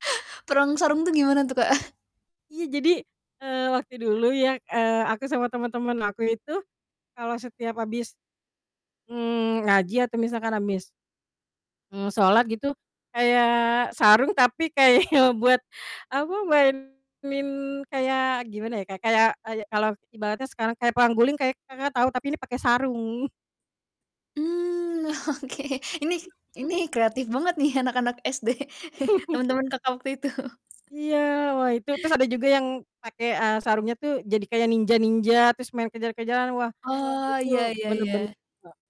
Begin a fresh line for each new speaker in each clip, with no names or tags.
Perang sarung tuh gimana tuh, Kak?
Iya jadi, eee, waktu dulu ya, eee, aku sama temen-temen aku itu kalau setiap habis, mmm, ngaji atau misalkan habis mmm, sholat gitu kayak sarung, tapi kayak buat, apa, mainin kayak, gimana ya, Kak, oh, iya kalau ibaratnya sekarang kayak perang guling, kayak Kakak tahu? Tapi ini pakai sarung.
Mmm, oke. Ini ini kreatif banget nih anak-anak SD teman-teman Kakak waktu itu.
Iya wah, itu terus ada juga yang pakai, eee, sarungnya tuh jadi kayak ninja-ninja, terus main kejar-kejaran. Wah,
Oh,
itu
iya iya
bener bener
iya.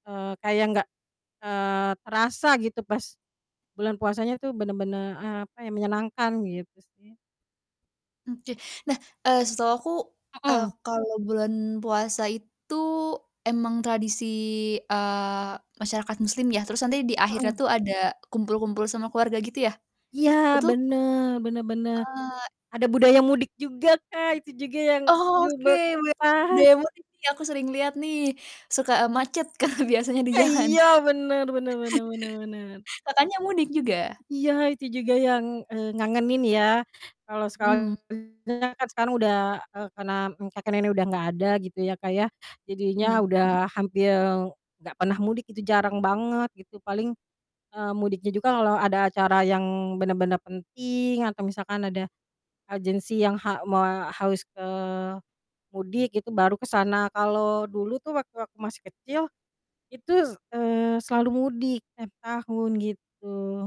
heeh, kayak enggak, eee, terasa gitu pas bulan puasanya tuh. Bener-bener, eee, apa ya, menyenangkan gitu sih.
Oke. Nah, eee, setahu aku, eee,
Mhm.
kalau bulan puasa itu emang tradisi, eee, masyarakat muslim ya, terus nanti di akhirnya
Heeh.
tuh ada kumpul-kumpul sama keluarga gitu ya?
Iya
Betul?
bener bener bener.
Oh, e
Ada budaya mudik juga, Kak, itu juga yang aduh
Oke. Melihat
berkesan.
budaya mudik nih, aku sering liat nih, suka, eee, macet Kak biasanya di
Eh,
jalan.
iya bener bener bener bener bener.
Kakaknya mudik juga?
Iya itu juga yang, eee, ngangenin ya. Kalau sekarang
Mhm.
kan sekarang udah eee, karena kakek nenek udah enggak ada gitu ya, Kak, ya jadinya
Mhm mhm.
udah hampir enggak pernah mudik gitu, jarang banget gitu, paling, eee, mudiknya juga kalau ada acara yang bener-bener penting atau misalkan ada urgensi yang ha moa harus ke mudik, itu baru ke sana. Kalau dulu tuh waktu aku masih kecil, itu s eee, selalu mudik tiap tahun gitu.